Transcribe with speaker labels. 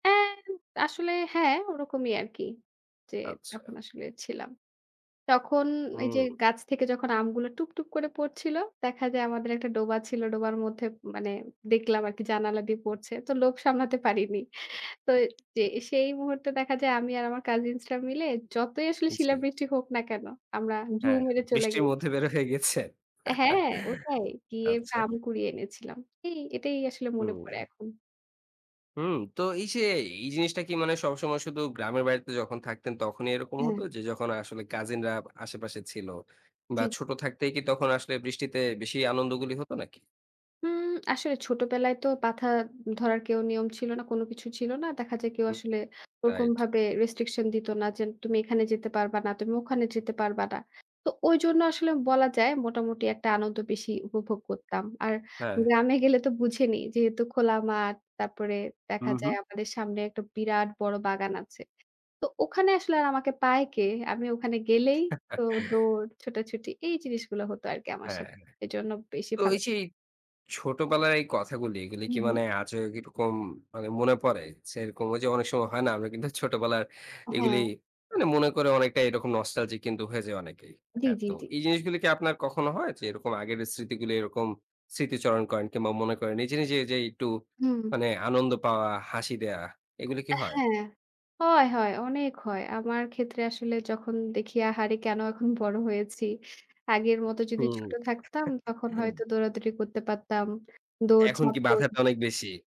Speaker 1: অ্যা আসলে হ্যাঁ, ওরকমই আরকি। যে
Speaker 2: আচ্ছা।
Speaker 1: তখন আসলে ছিলাম। তখন এই যে
Speaker 2: হুম।
Speaker 1: গাছ থেকে যখন আমগুলো টুপটুপ করে পড়ছিল, দেখা যায় আমাদের একটা ডোবা ছিল। ডোবার মধ্যে মানে দেখলাম আরকি জানালা দিয়ে পড়ছে। তো লোভ সামলাতে পারিনি। তো, জি, সেই মুহূর্তে দেখা যায় আমি আর আমার কাজিনসরা মিলে যতই আসলে
Speaker 2: জী।
Speaker 1: শিলাবৃষ্টি হোক না কেন, আমরা ঢু
Speaker 2: হ্যাঁ,
Speaker 1: মেরে চলে
Speaker 2: বৃষ্টির
Speaker 1: গেলাম।
Speaker 2: মধ্যে বের হয়ে গেছে।
Speaker 1: হ্যাঁ, ওটাই। গিয়ে
Speaker 2: আচ্ছা।
Speaker 1: আম কুড়িয়ে এনেছিলাম। এই, এটাই আসলে মনে পড়ে
Speaker 2: হুম।
Speaker 1: এখন।
Speaker 2: হুম, তো এই যে এই জিনিসটা কি মানে সবসময় শুধু গ্রামের বাড়িতে যখন থাকতেন তখনই এরকম হতো,
Speaker 1: হ্যাঁ।
Speaker 2: যে যখন আসলে কাজিনরা আশেপাশে ছিল, বা
Speaker 1: জি।
Speaker 2: ছোট থাকতেই কি তখন আসলে বৃষ্টিতে বেশি আনন্দগুলি হতো নাকি?
Speaker 1: উম আসলে ছোটবেলায় তো পাথা ধরার কেউ নিয়ম ছিল না, কোন কিছু ছিল না। দেখা যায় কেউ
Speaker 2: হু।
Speaker 1: আসলে
Speaker 2: রাইট।
Speaker 1: ওরকমভাবে রেস্ট্রিকশন দিত না যে তুমি এখানে যেতে পারবা না। তুমি ওখানে যেতে পারবা না। তো ঐজন্য আসলে বলা যায় মোটামুটি একটা আনন্দ বেশি উপভোগ করতাম। আর
Speaker 2: হ্যাঁ।
Speaker 1: গ্রামে গেলে তো বুঝেনই। যেহেতু খোলা মাঠ, তারপরে
Speaker 2: হু,
Speaker 1: দেখা
Speaker 2: হু।
Speaker 1: যায় আমাদের সামনে একটা বিরাট বড় বাগান আছে। তো ওখানে আসলে আর আমাকে পায় কে? আমি ওখানে গেলেই তো দৌড়, ছোটাছুটি এই জিনিসগুলো হতো আরকি আমার
Speaker 2: হ্যাঁ।
Speaker 1: সাথে। এজন্য বেশি
Speaker 2: তো
Speaker 1: ভালো।
Speaker 2: ওই যে, ছোটবেলার এই কথাগুলি এগুলি
Speaker 1: হু
Speaker 2: কি
Speaker 1: হু।
Speaker 2: মানে আজও কিরকম মনে পড়ে যে এরকম, ঐযে অনেক সময় হয় না, আমরা কিন্তু ছোটবেলার এগুলি
Speaker 1: হ্যাঁ।
Speaker 2: মানে মনে করে অনেকটা এরকম নস্টালজিক কিন্তু হয়ে যাই অনেকেই।
Speaker 1: জি,
Speaker 2: হ্যাঁ?
Speaker 1: জি,
Speaker 2: তো
Speaker 1: জি।
Speaker 2: এই জিনিসগুলি কি আপনার কখনো হয় যে এরকম আগের স্মৃতিগুলো এরকম স্মৃতিচারণ করেন কিংবা মনে করেন নিজে, নিজে যে একটু
Speaker 1: হুম।
Speaker 2: মানে আনন্দ পাওয়া হাসি দেওয়া এগুলো কি
Speaker 1: এ
Speaker 2: হয়?
Speaker 1: হ্যাঁ, হয় হয় অনেক হয়। আমার ক্ষেত্রে আসলে যখন দেখি আহারে কেন এখন বড় হয়েছি। আগের মতো যদি
Speaker 2: হুম।
Speaker 1: ছোট থাকতাম তখন হয়তো দৌড়াদৌড়ি করতে পারতাম।
Speaker 2: এখন
Speaker 1: দৌড়ঝাঁপ
Speaker 2: কি
Speaker 1: কর
Speaker 2: বাধাটা অনেক বেশি?